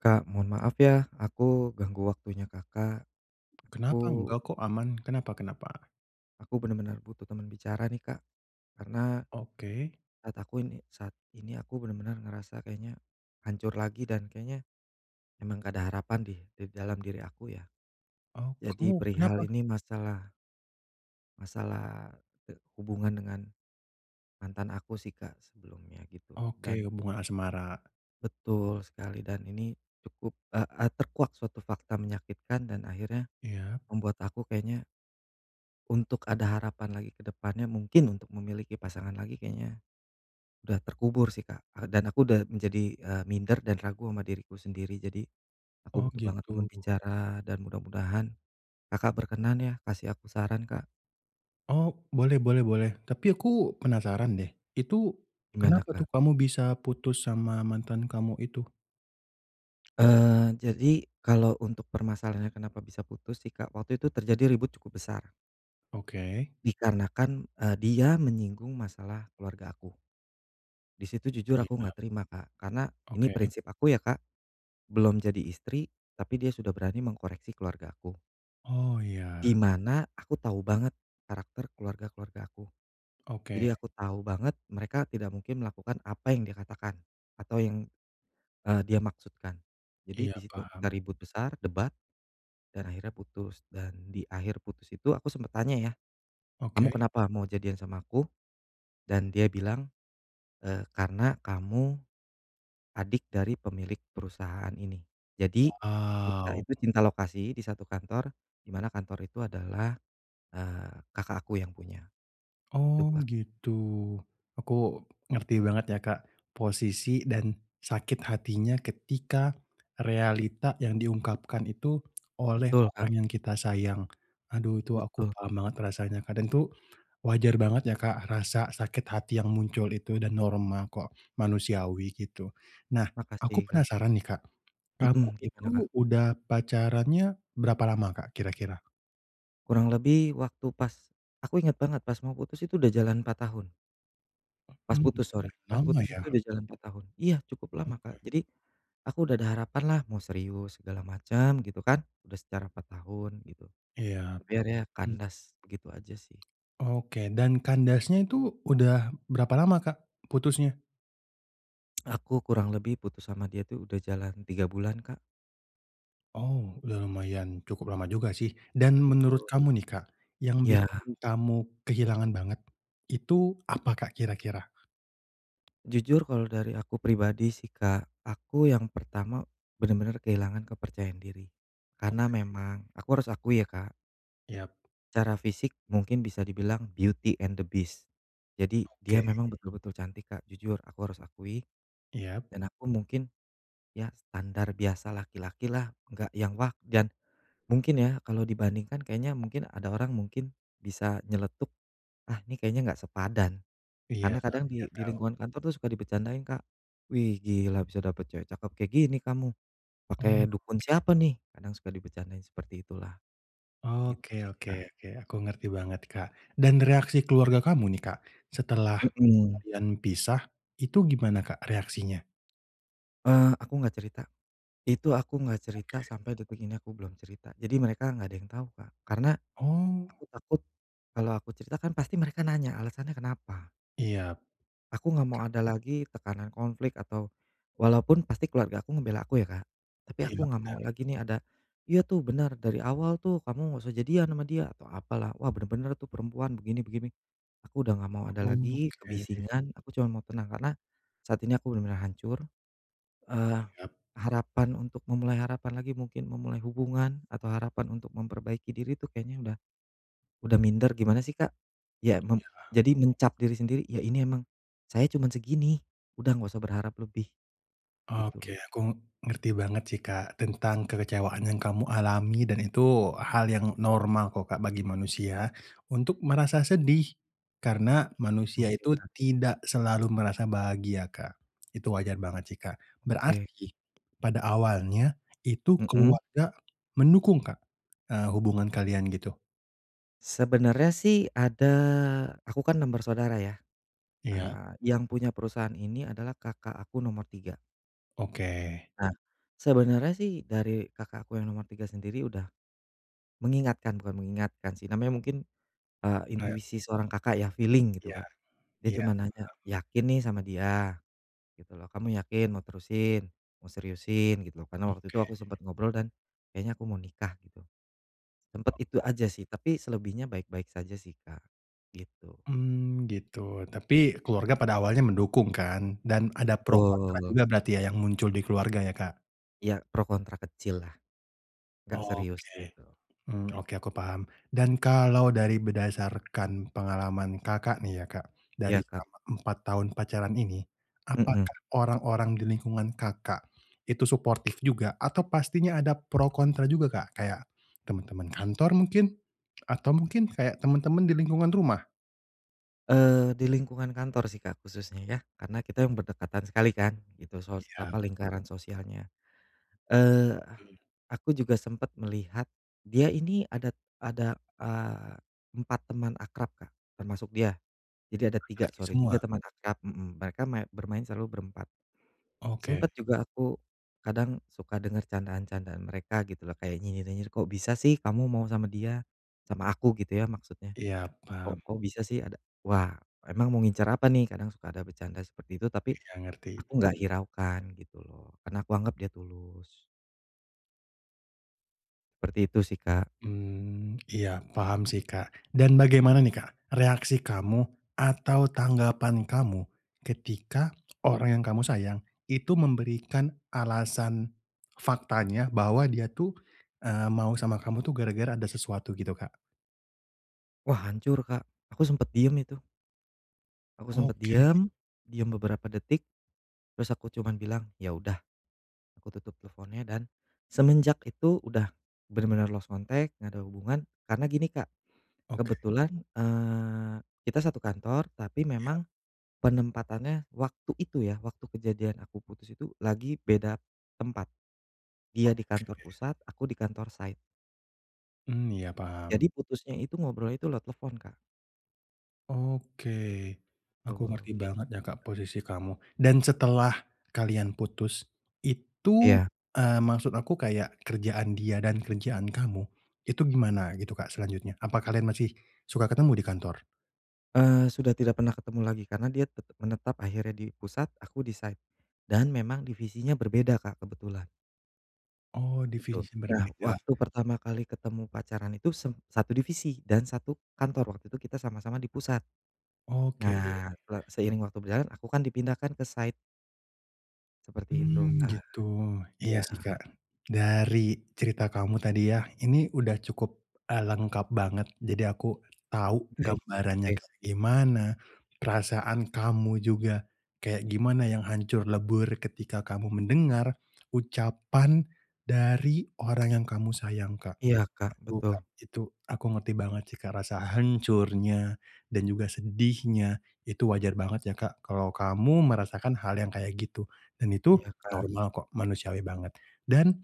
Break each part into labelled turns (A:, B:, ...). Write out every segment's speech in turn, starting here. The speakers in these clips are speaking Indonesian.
A: Kak mohon maaf ya aku ganggu waktunya Kakak.
B: Kenapa
A: Aku
B: enggak kok aman, kenapa kenapa?
A: aku benar-benar butuh teman bicara nih Kak karena
B: Oke.
A: saat aku ini saat ini aku benar-benar ngerasa kayaknya hancur lagi dan kayaknya emang gak ada harapan deh di dalam diri aku ya.
B: Oh
A: Jadi
B: kamu
A: perihal
B: kenapa?
A: ini masalah masalah, eee, hubungan dengan mantan aku sih Kak sebelumnya gitu
B: Oke
A: dan
B: hubungan asmara.
A: Betul sekali dan ini cukup, eee eee, terkuak suatu fakta menyakitkan dan akhirnya
B: Iya.
A: membuat aku kayaknya untuk ada harapan lagi ke depannya mungkin untuk memiliki pasangan lagi kayaknya udah terkubur sih Kak a dan aku udah menjadi, eee, minder dan ragu ama diriku sendiri, jadi
B: Oh
A: aku butuh banget teman
B: gitu.
A: bicara dan mudah-mudahan Kakak berkenan ya kasih aku saran Kak.
B: Oh, boleh boleh boleh tapi aku penasaran deh itu
A: Gimana
B: kenapa
A: Kak?
B: tuh kamu bisa putus sama mantan kamu itu?
A: Eee, jadi kalau untuk permasalahannya kenapa bisa putus sih Kak waktu itu terjadi ribut cukup besar.
B: Oke.
A: Dikarenakan, eee, dia menyinggung masalah keluarga aku. Di situ jujur aku
B: Iya.
A: nggak terima Kak karena ini
B: Oke.
A: prinsip aku ya Kak, belum jadi istri tapi dia sudah berani mengkoreksi keluargaku.
B: Oh
A: Di
B: iya.
A: mana aku tahu banget karakter keluarga-keluarga aku,
B: Oke.
A: jadi aku tahu banget mereka tidak mungkin melakukan apa yang dia katakan, atau yang, eee, dia maksudkan jadi
B: Iya
A: di situ kita
B: paham.
A: ribut besar, debat, dan akhirnya putus, dan di akhir putus itu aku sempet tanya ya, kamu
B: Oke.
A: kenapa mau jadian sama aku, dan dia bilang, eee, karena kamu adik dari pemilik perusahaan ini, jadi kita
B: Wow.
A: itu cinta lokasi di satu kantor di mana kantor itu adalah, eee, kakak aku yang punya gitu
B: Oh
A: Kak.
B: gitu. Aku ngerti banget ya Kak posisi dan sakit hatinya ketika realita yang diungkapkan itu oleh
A: Betul
B: orang
A: Kak.
B: yang kita sayang. Aduh itu aku
A: Betul.
B: paham banget rasanya kadang tuh wajar banget ya Kak rasa sakit hati yang muncul itu dan normal kok, manusiawi gitu. Nah
A: Makasih
B: aku
A: Kak.
B: penasaran nih Kak kamu
A: Mhm
B: itu
A: gimana Kak?
B: udah pacarannya berapa lama Kak kira-kira?
A: Kurang lebih waktu pas aku ingat banget pas mau putus itu udah jalan 4 tahun. Pas
B: Mmm,
A: putus sorry,
B: udah
A: pas
B: lama
A: putus
B: ya.
A: itu udah jalan 4 tahun. Iya cukup lama Kak,
B: Oke.
A: jadi aku udah ada harapan lah mau serius segala macem gitu kan, udah secara 4 tahun gitu
B: Iya
A: tapi akhirnya
B: hmm.
A: kandas begitu aja sih.
B: Oke dan kandasnya itu udah berapa lama Kak putusnya?
A: Aku kurang lebih putus sama dia tuh udah jalan 3 bulan Kak.
B: Oh dah lumayan cukup lama juga sih dan menurut
A: Betul.
B: kamu nih Kak yang
A: Ya.
B: bikin kamu kehilangan banget itu apa Kak kira-kira?
A: Jujur kalau dari aku pribadi sih Kak aku yang pertama benar-benar kehilangan kepercayaan diri karena
B: Oke.
A: memang aku harus akui ya Kak
B: Iya.
A: secara fisik mungkin bisa dibilang beauty and the beast, jadi dia
B: Oke.
A: memang betul-betul cantik Kak jujur aku harus akui,
B: Iya.
A: dan aku mungkin ya standar biasa laki-laki lah, enggak yang wah, dan mungkin ya kalau dibandingkan kayaknya mungkin ada orang mungkin bisa nyeletuk, "Ah ini kayaknya enggak sepadan."
B: Iya
A: karena
B: heeh
A: kadang di
B: iya
A: di
B: tau.
A: lingkungan kantor tuh suka dibecandain Kak, "Wih gila bisa dapet cewek cakep kayak gini kamu, pakai
B: Oke.
A: dukun siapa nih?" kadang suka dibecandain seperti itulah gitu
B: Oke
A: sih
B: oke
A: Kak.
B: oke, aku ngerti banget Kak dan reaksi keluarga kamu nih Kak setelah
A: Mhm.
B: kalian pisah itu gimana Kak reaksinya?
A: Eee, aku gak cerita, itu aku gak cerita
B: Oke.
A: sampai detik ini aku belum cerita, jadi mereka gak ada yang tau Kak, karena
B: Oh.
A: aku takut kalau aku cerita kan pasti mereka nanya alasannya kenapa.
B: Iya. Bisa.
A: Aku nggak mau ada lagi tekanan konflik atau walaupun pasti keluarga aku ngebela aku ya Kak, tapi aku
B: Iya
A: nggak
B: bener.
A: mau lagi nih ada, "Iya tuh benar dari awal tuh kamu nggak usah jadian ama dia," atau apalah, "wah benar-benar tuh perempuan begini begini." aku udah gak mau ada lagi
B: Oke.
A: kebisingan, aku cuma mau tenang karena saat ini aku benar-benar hancur, eee,
B: Iya.
A: harapan untuk memulai harapan lagi mungkin memulai hubungan, atau harapan untuk memperbaiki diri tuh kayaknya udah udah minder gimana sih Kak? Ya mem
B: Iya.
A: jadi mencap diri sendiri, "Ya ini emang saya cuman segini, udah nggak usah berharap lebih." gitu loh.
B: Oke aku ngerti banget sih Kak tentang kekecewaan yang kamu alami dan itu hal yang normal kok Kak bagi manusia untuk merasa sedih, karena manusia
A: Oke
B: itu
A: Kak.
B: tidak selalu merasa bahagia Kak itu wajar banget sih Kak.
A: Oke.
B: Berarti pada awalnya itu
A: Mhm.
B: keluarga mendukung Kak, eee, hubungan kalian gitu?
A: Sebenarnya sih ada aku kan 6 bersaudara ya,
B: Iya.
A: nah yang punya perusahaan ini adalah Kakak aku nomor 3.
B: Oke.
A: Nah sebenernya sih dari Kakak aku yang nomor 3 sendiri udah mengingatkan bukan mengingatkan sih namanya mungkin, eee,
B: Oh ya.
A: intuisi seorang Kakak ya feeling gitu
B: Iya,
A: Kak, dia
B: iya
A: cuman nanya,
B: heeh.
A: "Yakin nih sama dia?" gitu loh, "Kamu yakin mau terusin, mau seriusin?" gitu loh, karena waktu itu
B: Oke.
A: aku sempet ngobrol dan kayaknya aku mau nikah gitu. Sempat itu
B: Oh oh.
A: aja sih, tapi selebihnya baik-baik saja sih Kak gitu.
B: Mmm, gitu tapi keluarga pada awalnya mendukung kan dan ada pro kontra
A: Betul.
B: juga berarti ya yang muncul di keluarga ya Kak?
A: Ya pro kontra kecil lah gak serius
B: Oke,
A: gitu.
B: mmm, oke aku paham dan kalau dari berdasarkan pengalaman Kakak nih ya Kak,
A: Iya
B: dari
A: Kak.
B: selama 4 tahun pacaran ini,
A: Mhm.
B: apakah orang-orang di lingkungan Kakak itu suportif juga atau pastinya ada pro kontra juga Kak kayak teman-teman kantor mungkin atau mungkin kayak teman-teman di lingkungan rumah?
A: Eee, di lingkungan kantor sih Kak khususnya ya, karena kita berdekatan sekali kan itu sos
B: Iya.
A: apa lingkaran sosialnya. Eee,
B: Mhm.
A: aku juga sempet melihat dia ini ada ada, eee, 4 teman akrab Kak termasuk dia, jadi ada 3
B: Laki-laki
A: sorry,
B: semua?
A: 3 teman akrab mhm, mereka ma bermain selalu berempat,
B: Oke.
A: sempet juga aku kadang suka denger candaan-candaan mereka gitu loh kayak nyinyir-nyinyir, "Kok bisa sih kamu mau sama dia?" sama aku gitu ya maksudnya.
B: Iya
A: Kok
B: paham.
A: kok bisa sih ada, "Wah emang mau ngincar apa nih?" kadang suka ada bercanda seperti itu, tapi
B: Iya ngerti.
A: aku gak hiraukan gitu loh karena aku anggap dia tulus. Seperti itu sih Kak.
B: Mmm, iya paham sih Kak, dan bagaimana nih Kak reaksi kamu atau tanggapan kamu ketika orang yang kamu sayang itu memberikan alasan faktanya bahwa dia tuh, eee, mau sama kamu tuh gara-gara ada sesuatu gitu Kak?
A: Wah hancur Kak, aku sempet diem itu. Aku sempet
B: Oke.
A: diem, diem beberapa detik terus aku cuman bilang, ya udah aku tutup teleponnya, dan semenjak itu udah bener-bener lost contact, nggak ada hubungan karena gini Kak,
B: Oke.
A: kebetulan, eee, kita satu kantor tapi
B: Iya.
A: memang penempatannya waktu itu ya waktu kejadian aku putus itu lagi beda tempat, dia di
B: Oke.
A: kantor pusat aku di kantor site.
B: Mmm, iya paham.
A: Jadi putusnya itu ngobrol itu lewat telepon Kak.
B: Oke aku
A: Betul,
B: ngerti
A: kayak
B: banget
A: gitu
B: ya
A: sih
B: Kak
A: Kak.
B: posisi kamu. Dan setelah kalian putus itu,
A: Iya.
B: eee, maksud aku kayak kerjaan dia dan kerjaan kamu, itu gimana gitu Kak selanjutnya apa kalian masih suka ketemu di kantor?
A: Eee, sudah tidak pernah ketemu lagi karena dia tetap menetap akhirnya di pusat aku di site dan memang divisinya berbeda, Kak, kebetulan.
B: Oh,
A: Gitu,
B: definisi
A: nah
B: berbeda?
A: waktu pertama kali ketemu pacaran itu sem satu divisi dan satu kantor waktu itu kita sama-sama di pusat.
B: Oke.
A: Nah se seiring waktu berjalan aku kan dipindahkan ke site. Seperti itu,
B: Mmm,
A: Kak.
B: gitu, iya
A: Iya.
B: sih, Kak, dari cerita kamu tadi ya, ini udah cukup, eee, lengkap banget jadi aku tahu
A: Baik
B: gambarannya
A: baik.
B: kayak gimana, perasaan kamu juga kayak gimana, yang hancur lebur ketika kamu mendengar ucapan dari orang yang kamu sayang, Kak.
A: Iya, Kak,
B: Aduh,
A: betul.
B: Kak, itu aku ngerti banget sih, Kak, rasa hancurnya dan juga sedihnya itu wajar banget ya, Kak, kalau kamu merasakan hal yang kayak gitu dan itu
A: Iya, Kak.
B: normal kok, manusiawi banget dan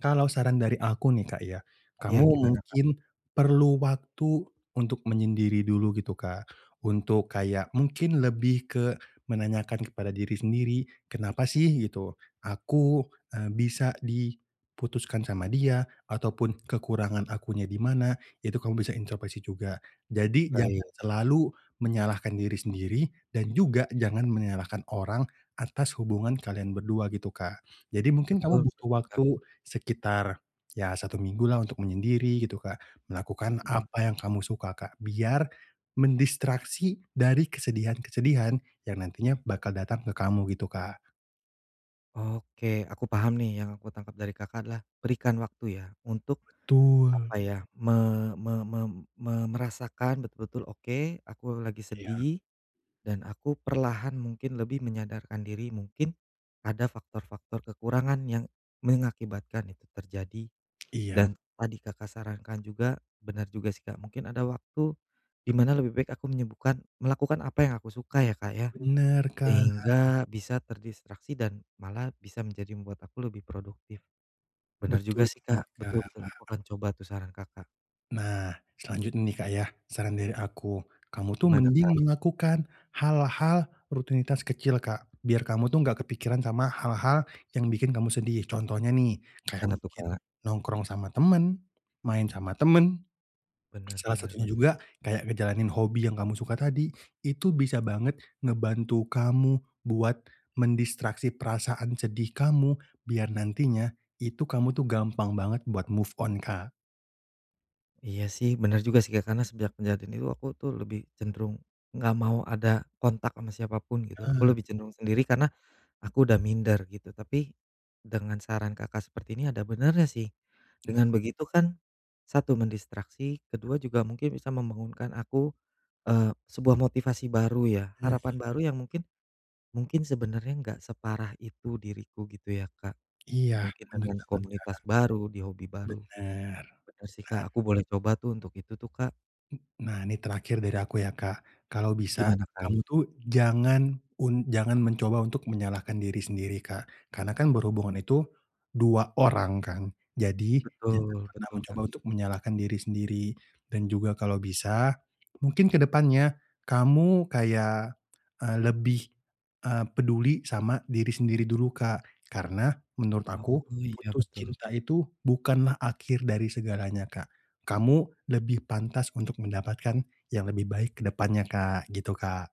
B: kalau saran dari aku nih, Kak, ya.
A: Iya
B: Kamu
A: gimana ,-Kak?
B: mungkin perlu waktu untuk menyendiri dulu gitu, Kak, untuk kayak mungkin lebih ke menanyakan kepada diri sendiri, "Kenapa sih gitu aku, eee, bisa di putuskan sama dia?" ataupun "Kekurangan akunya di mana?" itu kamu bisa intropeksi juga. Jadi jangan
A: Baik.
B: selalu menyalahkan diri sendiri dan juga jangan menyalahkan orang atas hubungan kalian berdua gitu, Kak. Jadi mungkin
A: Betul
B: kamu butuh
A: betul, Kak.
B: waktu sekitar, ya 1 minggu lah untuk menyendiri gitu, Kak, melakukan
A: Mhm.
B: apa yang kamu suka, Kak, biar mendistraksi dari kesedihan-kesedihan yang nantinya bakal datang ke kamu gitu, Kak.
A: Oke aku paham nih yang aku tangkap dari Kakak adalah berikan waktu ya untuk
B: Betul.
A: apa ya, me me me me merasakan betul-betul, oke aku lagi
B: Iya.
A: sedih, dan aku perlahan mungkin lebih menyadarkan diri mungkin ada faktor-faktor kekurangan yang mengakibatkan itu terjadi,
B: Iya.
A: dan tadi Kakak sarankan juga benar juga sih, Kak, mungkin ada waktu di mana lebih baik aku menyembuhkan melakukan apa yang aku suka ya, Kak, ya?
B: Bener, Kak.
A: Sehingga bisa terdistraksi dan malah bisa menjadi membuat aku lebih produktif benar juga
B: Betul
A: sihi,
B: banget,
A: Kak, betul
B: Kak.
A: betul aku akan coba tuh saran Kakak.
B: Nah, selanjutnya nih, Kak, ya. Saran dari aku, kamu tuh
A: Gimana,
B: mending
A: Kak?
B: melakukan hal-hal rutinitas kecil, Kak, biar kamu tuh gak kepikiran sama hal-hal yang bikin kamu sedih contohnya nih, kayak
A: Gimana tuh,
B: mungkin
A: Kak?
B: nongkrong sama temen, main sama temen.
A: Bener
B: Salah
A: bener
B: satunya
A: bener.
B: juga kayak ngejalanin hobi yang kamu suka tadi itu bisa banget ngebantu kamu buat mendistraksi perasaan sedih kamu biar nantinya itu kamu tuh gampang banget buat move on, Kak.
A: Iya sih bener juga sih, Kak, karena sejak kejadian itu aku tuh lebih cenderung gak mau ada kontak ama siapa pun gitu, aku
B: Nah.
A: lebih cenderung
B: Lah.
A: sendiri karena aku udah minder gitu, tapi dengan saran Kakak seperti ini ada benernya sih.
B: Nah.
A: Dengan begitu kan 1 mendistraksi, ke-2 juga mungkin bisa membangunkan aku, eee, sebuah motivasi baru ya,
B: Bener.
A: harapan baru yang mungkin mungkin sebenarnya enggak separah itu diriku gitu ya, Kak,
B: Iya,
A: mungkin
B: bener
A: dengan
B: banget, Kak.
A: komunitas baru di hobi baru.
B: Bener,
A: Bener sih,
B: bener.
A: Kak, aku boleh coba tuh untuk itu tuh, Kak.
B: Mmm, nah, ini terakhir dari aku ya, Kak, kalau bisa
A: Gimana,
B: kamu
A: Kak?
B: tuh jangan un jangan mencoba untuk menyalahkan diri sendiri, Kak, karena kan berhubungan itu 2 orang kan? Jadi jangan
A: Betul,
B: pernah
A: betul,
B: mencoba
A: Kak.
B: untuk menyalahkan diri sendiri dan juga kalau bisa mungkin ke depannya kamu kayak, eee, lebih, eee, peduli sama diri sendiri dulu, Kak, karena menurut
A: Oh
B: aku
A: oh iya
B: putus
A: betul.
B: cinta itu bukanlah akhir dari segalanya, Kak, kamu lebih pantas untuk mendapatkan yang lebih baik ke depannya, Kak, gitu, Kak.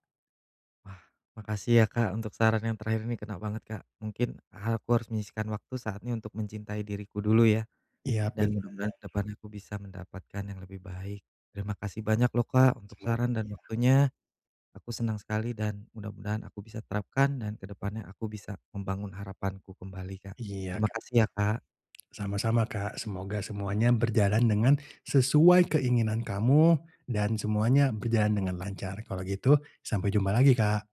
A: Wah makasih ya, Kak, untuk saran yang terakhir ini kena banget, Kak, mungkin ha aku harus menyisihkan waktu saatnya untuk mencintai diriku dulu ya?
B: Iya
A: Dan
B: bener.
A: mudah-mudahan ke depan aku bisa mendapatkan yang lebih baik. Terima kasih banyak loh, Kak untuk
B: Semoga
A: saran dan
B: ya.
A: waktunya aku senang sekali dan mudah-mudahan aku bisa terapkan dan ke depannya aku bisa membangun harapanku kembali, Kak.
B: Iya,
A: Terima
B: Kak,
A: kasih ya, Kak.
B: sa sama-sama, Kak, semoga semuanya berjalan dengan sesuai keinginan kamu dan semuanya berjalan dengan lancar kalau gitu sampai jumpa lagi, Kak.